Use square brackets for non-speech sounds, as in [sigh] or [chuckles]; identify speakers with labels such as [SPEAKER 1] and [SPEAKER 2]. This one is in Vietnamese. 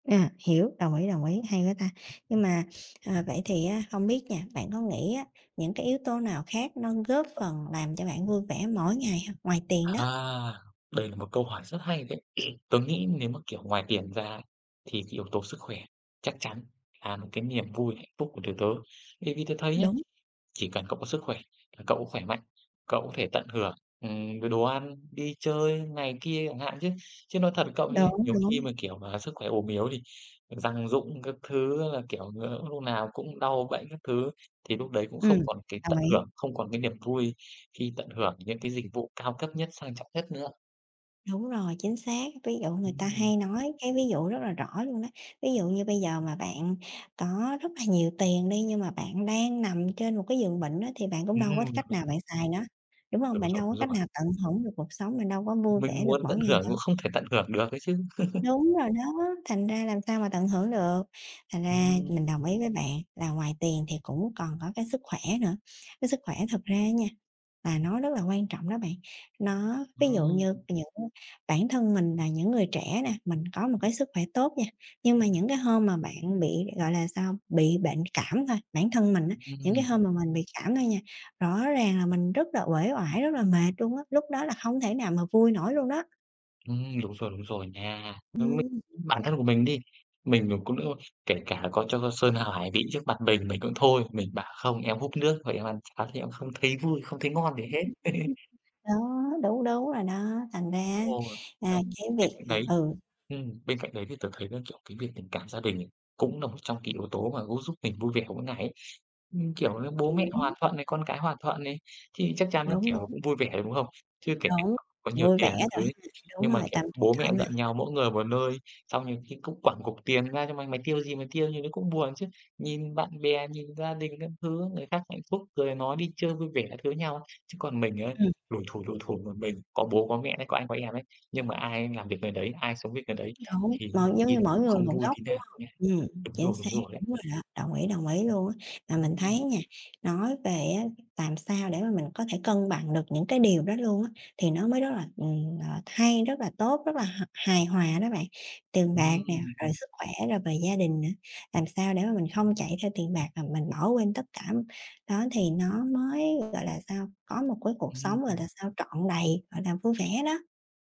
[SPEAKER 1] À, hiểu, đồng ý, đồng ý, hay quá ta! Nhưng mà, ờ, vậy thì á hông biết nha, bạn có nghĩ á những cái yếu tố nào khác nó góp phần làm cho bạn vui vẻ mỗi ngày hông? Ngoài tiền đó.
[SPEAKER 2] À! Đây là một câu hỏi rất hay đấy! [clears throat] Tớ nghĩ nếu mà, kiểu, ngoài tiền ra, thì cái yếu tố sức khỏe chắc chắn là một cái niềm vui, hạnh phúc của tụi tớ. Vì vì tớ thấy nhé,
[SPEAKER 1] Đúng.
[SPEAKER 2] chỉ cần cậu có sức khỏe là cậu khỏe mạnh, cậu có thể tận hưởng, ừm, rồi đồ ăn, đi chơi này kia chẳng hạn. Chứ chứ nói thật cậu ấy,
[SPEAKER 1] Đúng,
[SPEAKER 2] nhiều khi
[SPEAKER 1] đúng.
[SPEAKER 2] mà, kiểu, mà sức khỏe ốm yếu thì răng rụng các thứ á là, kiểu, ờ, hôm nào cũng đau bệnh các thứ, thì lúc đấy cũng không
[SPEAKER 1] Ừm.
[SPEAKER 2] còn cái
[SPEAKER 1] Đồng
[SPEAKER 2] tận
[SPEAKER 1] ý.
[SPEAKER 2] hưởng, không còn cái niềm vui khi tận hưởng những cái dịch vụ cao cấp nhất, sang trọng nhất nữa.
[SPEAKER 1] Đúng rồi, chính xác. Ví dụ người ta
[SPEAKER 2] Ừm.
[SPEAKER 1] hay nói cái ví dụ rất là rõ luôn đó, ví dụ như bây giờ mà bạn có rất là nhiều tiền đi, nhưng mà bạn đang nằm trên một cái giường bệnh á thì bạn cũng đâu có
[SPEAKER 2] Ừm.
[SPEAKER 1] cách nào bạn xài nó, đúng hông?
[SPEAKER 2] Đúng
[SPEAKER 1] Bạn
[SPEAKER 2] rồi,
[SPEAKER 1] đâu có
[SPEAKER 2] đúng
[SPEAKER 1] cách
[SPEAKER 2] rồi.
[SPEAKER 1] nào tận hưởng được cuộc sống, bạn đâu có vui vẻ
[SPEAKER 2] Mình
[SPEAKER 1] được
[SPEAKER 2] muốn
[SPEAKER 1] mỗi
[SPEAKER 2] tận
[SPEAKER 1] ngày
[SPEAKER 2] hưởng cũng
[SPEAKER 1] đâu.
[SPEAKER 2] không thể tận hưởng được ấy chứ. [chuckles]
[SPEAKER 1] Đúng rồi đó, thành ra làm sao mà tận hưởng được. Thành ra
[SPEAKER 2] Ừm.
[SPEAKER 1] mình đồng ý với bạn là ngoài tiền thì cũng còn có cái sức khỏe nữa, cái sức khỏe thực ra á nha, là nó rất là quan trọng đó bạn. Nó ví dụ như
[SPEAKER 2] Ừm.
[SPEAKER 1] những bản thân mình là những người trẻ nè, mình có một cái sức khỏe tốt nha, nhưng mà những cái hôm mà bạn bị, gọi là sao, bị bệnh cảm thôi, bản thân mình á, những cái
[SPEAKER 2] Ừm.
[SPEAKER 1] hôm mà mình bị cảm thôi nha, rõ ràng là mình rất là uể oải, rất là mệt luôn á, lúc đó là hông thể nào mà vui nổi luôn đó.
[SPEAKER 2] Ừm, đúng rồi, đúng rồi nha. Giống mình,
[SPEAKER 1] Ừm.
[SPEAKER 2] bản thân của mình đi, mình mà cũng, a, kể cả có cho sơn hào hải vị trước mặt mình, mình cũng thôi, mình bảo: "Không, em húp nước thôi, em ăn cháo thì em không thấy vui, không thấy ngon gì
[SPEAKER 1] [chuckles]
[SPEAKER 2] hết." [chuckles]
[SPEAKER 1] Đó, đúng, đúng rồi đó, thành ra á,
[SPEAKER 2] Ồ!
[SPEAKER 1] à,
[SPEAKER 2] Xong
[SPEAKER 1] cái
[SPEAKER 2] bên
[SPEAKER 1] việc,
[SPEAKER 2] cạnh
[SPEAKER 1] à
[SPEAKER 2] đấy,
[SPEAKER 1] ừ.
[SPEAKER 2] ừm, bên cạnh đấy thì tớ thấy là, kiểu, cái việc tình cảm gia đình này, cũng là một trong cái yếu tố mà cũng giúp mình vui vẻ mỗi ngày ấy. Ừm, kiểu như, bố mẹ
[SPEAKER 1] Hiểu.
[SPEAKER 2] hòa thuận này, con cái hòa thuận này, thì chắc chắn nó
[SPEAKER 1] Đúng,
[SPEAKER 2] kiểu
[SPEAKER 1] đúng.
[SPEAKER 2] cũng vui vẻ, đúng hông? Chưa kể kể
[SPEAKER 1] Đúng.
[SPEAKER 2] cả có nhiều
[SPEAKER 1] Vui vẻ
[SPEAKER 2] tiền các
[SPEAKER 1] rồi
[SPEAKER 2] thứ ấy,
[SPEAKER 1] ha. Đúng
[SPEAKER 2] nhưng mà,
[SPEAKER 1] rồi,
[SPEAKER 2] kiểu,
[SPEAKER 1] tâm trạng
[SPEAKER 2] bố mẹ
[SPEAKER 1] thoải
[SPEAKER 2] giận
[SPEAKER 1] mái.
[SPEAKER 2] nhau, mỗi người một nơi, xong nhiều khi cũng quẳng cục tiền ra cho mày, mày tiêu cái gì mày tiêu, nhiều khi cũng buồn chứ. Nhìn bạn bè, nhìn gia đình các thứ, người khác hạnh phúc, cười nói, đi chơi vui vẻ các thứ với nhau, chứ còn mình ấy,
[SPEAKER 1] Ừm.
[SPEAKER 2] lủi thủi, lủi thủi một mình, có bố có mẹ ấy, có anh có em ấy, nhưng mà ai làm việc người đấy, ai sống việc người đấy
[SPEAKER 1] Đúng.
[SPEAKER 2] thì
[SPEAKER 1] Mỗi
[SPEAKER 2] nhiều
[SPEAKER 1] giống
[SPEAKER 2] khi
[SPEAKER 1] như
[SPEAKER 2] là
[SPEAKER 1] mỗi
[SPEAKER 2] cũng không
[SPEAKER 1] người một
[SPEAKER 2] vui
[SPEAKER 1] góc,
[SPEAKER 2] tí
[SPEAKER 1] đúng
[SPEAKER 2] nào
[SPEAKER 1] hông?
[SPEAKER 2] nhé.
[SPEAKER 1] Ừm,
[SPEAKER 2] Đúng
[SPEAKER 1] chính
[SPEAKER 2] rồi,
[SPEAKER 1] xác,
[SPEAKER 2] đúng rồi ấy.
[SPEAKER 1] đúng rồi đó, đồng ý, đồng ý luôn á. Mà mình thấy
[SPEAKER 2] Ừm.
[SPEAKER 1] nha, nói về á làm sao để mà mình có thể cân bằng được những cái điều đó luôn á, thì nó mới rất là, ừm, ờ, hay, rất là tốt, rất là h hài hòa đó bạn. Tiền
[SPEAKER 2] Ừm,
[SPEAKER 1] bạc nè, rồi
[SPEAKER 2] ừm.
[SPEAKER 1] sức khỏe, rồi về gia đình nữa, làm sao để mà mình không chạy theo tiền bạc mà mình bỏ quên tất cảm, đó thì nó mới, gọi là sao, có một cái cuộc
[SPEAKER 2] Ừm,
[SPEAKER 1] sống, gọi
[SPEAKER 2] ừm.
[SPEAKER 1] là sao, trọn đầy, gọi là, vui vẻ đó!